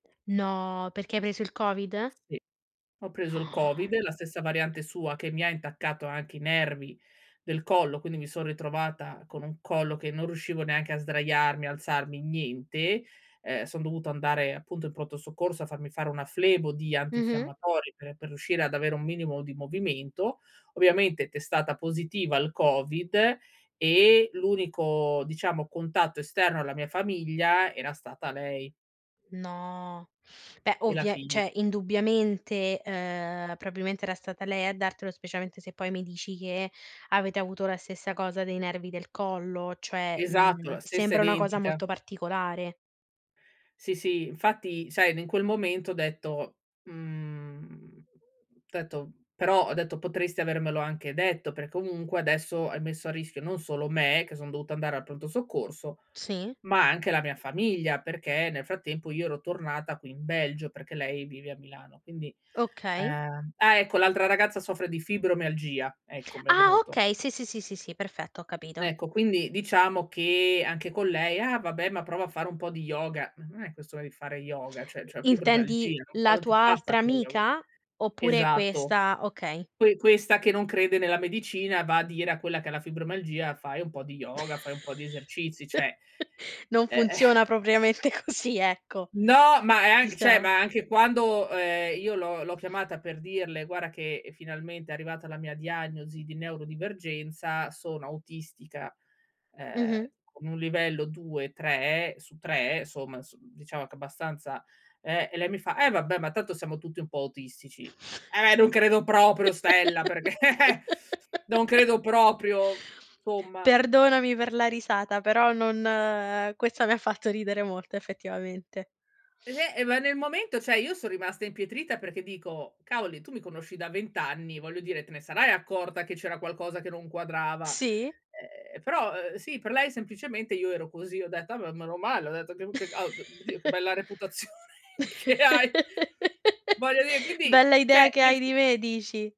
No, perché hai preso il COVID? Sì. Ho preso il No. COVID, la stessa variante sua, che mi ha intaccato anche i nervi del collo, quindi mi son ritrovata con un collo che non riuscivo neanche a sdraiarmi, alzarmi, niente. Ehm, son dovuto andare appunto in Pronto Soccorso a farmi fare una flebo di Mh-mh. antinfiammatori per per riuscire ad avere un minimo di movimento. Ovviamente testata positiva al COVID e l'unico, diciamo, contatto esterno alla mia famiglia era stata lei. No, beh E la ovvia figlia. cioè indubbiamente, uhm, probabilmente era stata lei a dartelo, specialmente se poi mi dici che avete avuto la stessa cosa dei nervi del collo, cioè, Esatto, mhmm, la stessa sembra una cosa identica. molto particolare. Sì, sì, infatti sai, n in quel momento ho detto: “Mhmm”, detto però ho detto: “Potresti avermelo anche detto per comunque adesso hai messo a rischio non solo me, che sono dovuta andare al Pronto Soccorso, Sì. ma anche la mia famiglia.” Perché nel frattempo io ero tornata qui in Belgio, perché lei vive a Milano. Quindi, Okay. uhm, ah, ecco, l'altra ragazza soffre di fibromialgia, ecco, mi è Ah, venuto. okay. Sì, sì, sì, sì, sì. Perfetto, ho capito. Ecco, quindi diciamo che anche con lei: “Ah vabbè, ma prova a fare un po' di yoga.” Non è questione di fare yoga, cioè, c'è I intendi fibromialgia, no la quando ti tua passa altra con yoga? amica? Oppure Esatto. questa? Okay. Que questa che non crede nella medicina va a dire a quella che ha la fibromialgia: “Fai un po' di yoga, fai un po' di esercizi." Cioè, Non eh. funziona propriamente così, ecco No, ma è anc cioè, diciam ma anche è quando, ehm, io l'ho l'ho chiamata per dirle: “Guarda che finalmente è arrivata la mia diagnosi di neurodivergenza, sono autistica, ehm, Mh-mh. con un livello 2-3 su 3, somma s diciamo che è abbastanza” eh, e lei mi fa: “Eh vabbè, ma tanto siamo tutti un po' autistici.” "Eh, non credo proprio, stella, perché non credo proprio, somma." Perdonami per la risata però non uhm, questa mi ha fatto ridere molto effettivamente. Eh, e ma nel momento, sai, io son rimasta impietrita perché dico: “Cavoli, tu mi conosci da 20 anni, voglio dire, te ne sarai accorta che c'era qualcosa che non quadrava.” Sì. Eh però, uhm, sì, per lei semplicemente io ero così. Ho detto: “Ah beh, meno male, ho detto che, [unintelligible] oddio, bella reputazione che hai!” Voglio dire quindi, Bella cioè, idea che nel hai di s me, dici.